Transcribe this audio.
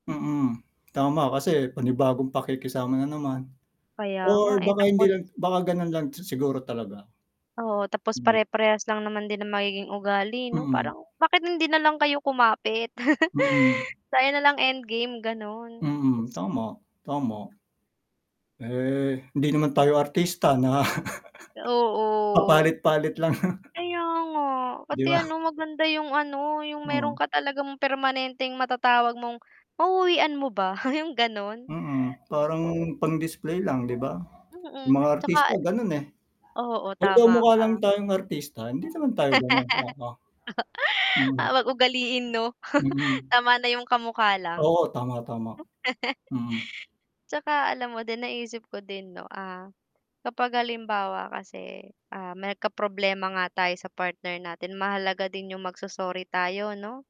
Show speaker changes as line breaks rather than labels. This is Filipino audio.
Mm, tama kasi panibagong pakikisama na naman
Kaya nga,
or
eh,
baka hindi
tapos
lang baka gano'n lang siguro talaga.
Oo, tapos
Hmm.
pare-parehas lang naman din ang magiging ugali, 'no,
Mm.
parang bakit hindi nalang kayo kumapit.
Mm.
Tayo nalang end game ganun.
Mm, tama, tama. Eh, hindi naman tayo artista na
Oo.
papalit-palit lang.
Kaya nga,
'Di
pati,
ba?
ano, maganda yung, ano, yung meron
Hmm.
ka talagang permanenteng mata-tawag mong mau-uwian mo ba yung ganun.
Mm, parang
Oo.
pang-display lang, 'di ba? Yung
Mm,
mga
tsaka
artista ganon, eh.
oo,
'Pagka
tama
mukha lang
ka.
tayong artista, hindi naman tayo gano'n oo.
Ah
Hmm.
h'wag ugaliin, 'no,
Mhm.
tama na yung kamukha lang.
Oo, tama, tama.
Hmm.
Mm.
'Tsaka alam mo din naisip ko din, 'no, ah, kapag halimbawa kasi, ah, may nagka-problema nga tayo sa partner natin mahalaga din yung magso-sorry tayo, 'no?